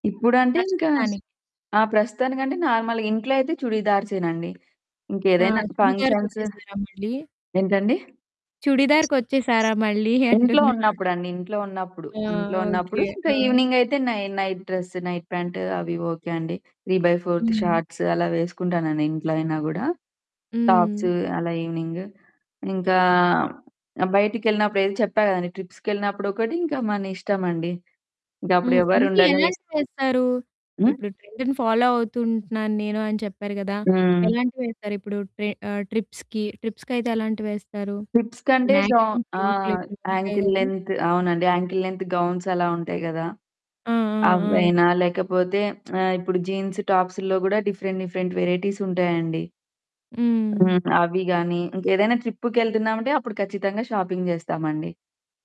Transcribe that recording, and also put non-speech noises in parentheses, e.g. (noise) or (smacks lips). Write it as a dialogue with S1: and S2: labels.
S1: ఇప్పుడంటే ఇంకా
S2: ప్రస్తుతానికి
S1: ఆ! ప్రస్తుతానికంటే నార్మల్‌గా ఇంట్లో అయితే చుడిదర్సే‌నండి.
S2: ఆ!
S1: ఇంకేదైనా
S2: చుడిదార్‌
S1: ఫంక్షన్సు
S2: కొచ్చేసారా మళ్ళీ?
S1: ఏంటండి?
S2: చుడిదార్‌‌కొచ్చేసారా మళ్ళీ
S1: ఇంట్లో
S2: అంటున్నా.
S1: ఉన్నప్పుడండి. ఇంట్లో ఉన్నప్పుడు.
S2: ఆ!
S1: ఇంట్లో
S2: ఓకే.
S1: ఉన్నప్పుడు ఇంకా
S2: ఆ!
S1: ఈవెనింగ్ అయితే నై నైట్ డ్రెస్, నైట్ ప్యాంట్ అవి ఓకే అండి. 3/4త్
S2: హ్మ్.
S1: షార్ట్స్ అలా వేసుకుంటానండి ఇంట్లో అయినా కూడా. టాప్స్,
S2: హ్మ్.
S1: అలా ఈవెనింగ్. ఇంకా ఆహ్, బయటికెళ్ళినప్పుడు ఏదో చెప్పాను కదండీ, ట్రిప్స్‌కెళ్ళినప్పుడు ఒకటి, ఇంకా మన ఇష్టం అండి. ఇంకా అప్పుడు
S2: హ్మ్.
S1: ఎవరు
S2: అంటే
S1: ఉండలే‌స్
S2: ఎలాంటివేస్తారు?
S1: హ్మ్!
S2: ఇప్పుడు ట్రెండ్‌ని ఫాలో అవుతూ ఉంటున్నాను నేను అని చెప్పారు కదా!
S1: హ్మ్.
S2: ఎలాంటివి వేస్తారు ఇప్పుడు? ట్రే ఆహ్, ట్రిప్స్‌కి, ట్రిప్స్‌కైతే ఎలాంటివి వేస్తారు?
S1: ట్రిప్స్‌
S2: ఈ
S1: కంటే జో
S2: మ్యాక్సిన్ సూట్లే
S1: ఆహ్,
S2: ఎక్కువ గుంటాయి
S1: యాంకిల్
S2: కదా!
S1: లెంగ్త్ అవునండి. యాంకిల్ లెంగ్త్ గౌన్స్ అలా ఉంటాయి కదా!
S2: ఆ! ఆ! ఆ!
S1: అ‌వైనా లేకపోతే, (smacks lips) ఆహ్, ఇప్పుడు జీన్స్ టాప్స్‌లో కూడా డిఫరెంట్ డిఫరెంట్ వెరైటీస్ ఉంటాయండి.
S2: హ్మ్.
S1: హ్మ్. అవి గాని. ఇంక ఏదైనా ట్రిప్పుకి ఎళ్తున్నామంటే అప్పుడు ఖచ్చితంగా షాపింగ్ చేస్తామండి.